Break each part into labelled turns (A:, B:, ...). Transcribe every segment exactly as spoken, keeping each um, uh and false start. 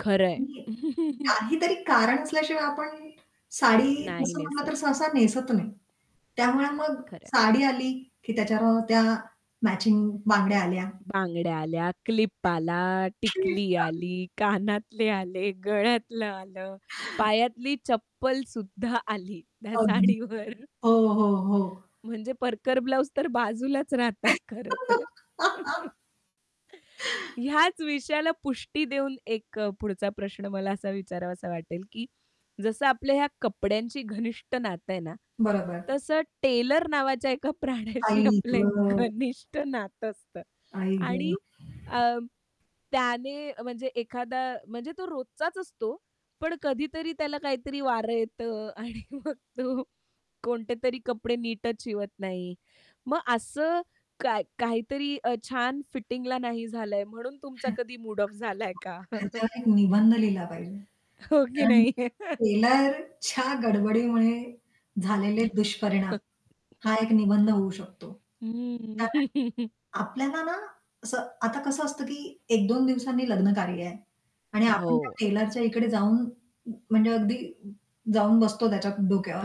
A: खरं आहे.
B: [unintelligible] काहीतरी कारण असल्याशिवाय आपण साडी
A: नाही
B: असं म्हटलं
A: नेसत.
B: तर सहसा नेसत नाही. त्यामुळे मग
A: खरं आहे.
B: साडी आली की त्याच्यावर त्या मॅचिंग बांगड्या आल्या.
A: बांगड्या आल्या, क्लिप आला, टिकली
B: [unintelligible]
A: आली, कानातले आले, गळ्यातलं आलं, पायातली चप्पल सुद्धा आली त्या
B: अगदी.
A: साडीवर.
B: हो, हो, हो.
A: म्हणजे परकर, ब्लाउज तर बाजूलाच राहतात खरंतर. ह्याच विषयाला पुष्टी देऊन एक अ, पुढचा प्रश्न मला असा विचारावासा वाटेल की जसं आपल्या ह्या कपड्यांची घनिष्ठ नातं आहे ना,
B: बरोबर.
A: तसं टेलर नावाच्या एका प्राण्याशी
B: आई
A: आपलं एक
B: गं.
A: घनिष्ठ नातं असतं.
B: आई गं.
A: आणि अ, त्याने म्हणजे एखादा म्हणजे तो रोजचाच असतो. पण कधीतरी त्याला काहीतरी वारं येतं आणि मग तो कोणते तरी कपडे नीटच शिवत नाही. मग असं काय काहीतरी अ, छान फिटिंगला नाही झालाय म्हणून तुमचा कधी मूड ऑफ झालाय का?
B: ह्याच्यावर एक निबंध लिहिला पाहिजे.
A: हो की
B: कारण
A: नाही?
B: की टेलरच्या गडबडीमुळे झालेले दुष्परिणाम हा एक निबंध होऊ शकतो.
A: हं.
B: कारण आपल्याला ना, असं आता कसं असतं की एक दोन दिवसांनी लग्नकार्य आहे. आणि आपण त्या
A: हो.
B: टेलरच्या इकडे जाऊन म्हणजे अगदी जाऊन बसतो त्याच्या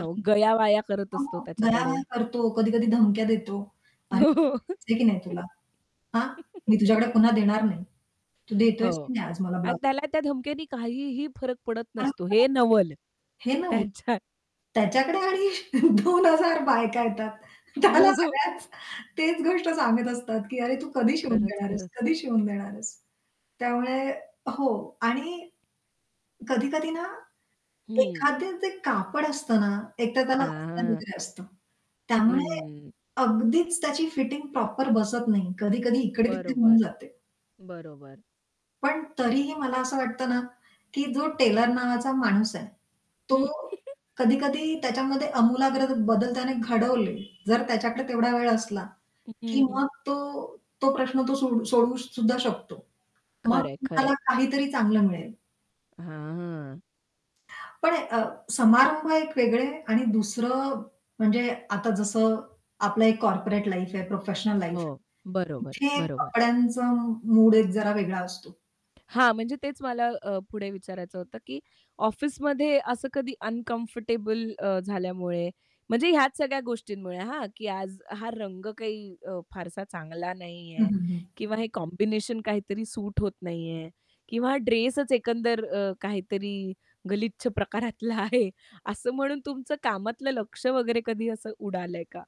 A: हो, गयावया करत असतो
B: [unintelligible]
A: त्याच्याकडे.
B: गयावया करतो, कधी-कधी धमक्या देतो. "अरे,
A: हो.
B: कळतं की नाही तुला?" "हां, मी तुझ्याकडे पुन्हा देणार नाही. तू" "देतोयस"
A: हो.
B: "की नाही आज मला"
A: आणि
B: "ब्लाऊज?"
A: त्याला त्या धमक्यांनी काहीही फरक पडत नसतो हे
B: [unintelligible]
A: नवल
B: हे ना
A: त्याच्या
B: त्याच्याकडे आणि दोन हजार बायका येतात. त्याला
A: हो.
B: सगळ्याच तेच गोष्ट सांगत असतात की, "अरे, तू कधी शिवून
A: खरंच,
B: देणार आहेस?
A: खरंच.
B: कधी शिवून देणार आहेस?" त्यामुळे हो. आणि कधी-कधी ना,
A: हं.
B: एखादं ते कापड असतं ना, एकतर त्याला अस्तर
A: हां.
B: वगैर असतं. त्यामुळे
A: हं.
B: अगदीच त्याची फिटिंग प्रॉपर बसत नाही. कधी-कधी इकडे तिकडे होऊन
A: बरोबर,
B: जाते.
A: बरोबर.
B: पण तरीही मला असं वाटतं ना, की जो टेलर नावाचा माणूस आहे, तो कधी-कधी त्याच्यामध्ये आमूलाग्र बदल त्याने घडवले. जर त्याच्याकडे तेवढा वेळ असला की
A: [unintelligible]
B: मग तो तो प्रश्न तो सोडू सोडवू सुद्धा शकतो. मग
A: खरं आहे, खरं आहे.
B: तुम्हाला काहीतरी चांगलं मिळेल.
A: हां.
B: पण अ, समारंभ एक वेगळे आणि दुसरं म्हणजे आता जसं आपलं एक कॉर्पोरेट लाईफ आहे, प्रोफेशनल लाईफ आहे.
A: हो. बरोबर,
B: इथे
A: बरोबर.
B: कपड्यांचा मूड एक जरा वेगळा असतो.
A: हां, म्हणजे तेच मला अ, पुढे विचारायचं होतं की ऑफिसमध्ये असं कधी अनकम्फर्टेबल अ, झाल्यामुळे म्हणजे ह्याच सगळ्या गोष्टींमुळे हां, की आज हा रंग काही अ, फारसा चांगला
B: हं,
A: नाहीये,
B: हं, हं.
A: किंवा हे कॉम्बिनेशन काहीतरी सूट होत नाहीये, किंवा हा ड्रेसचं एकंदर अ, काहीतरी गलिच्छ प्रकारातला आहे असं म्हणून तुमचं कामातलं लक्ष वगैरे कधी असं उडालंय का?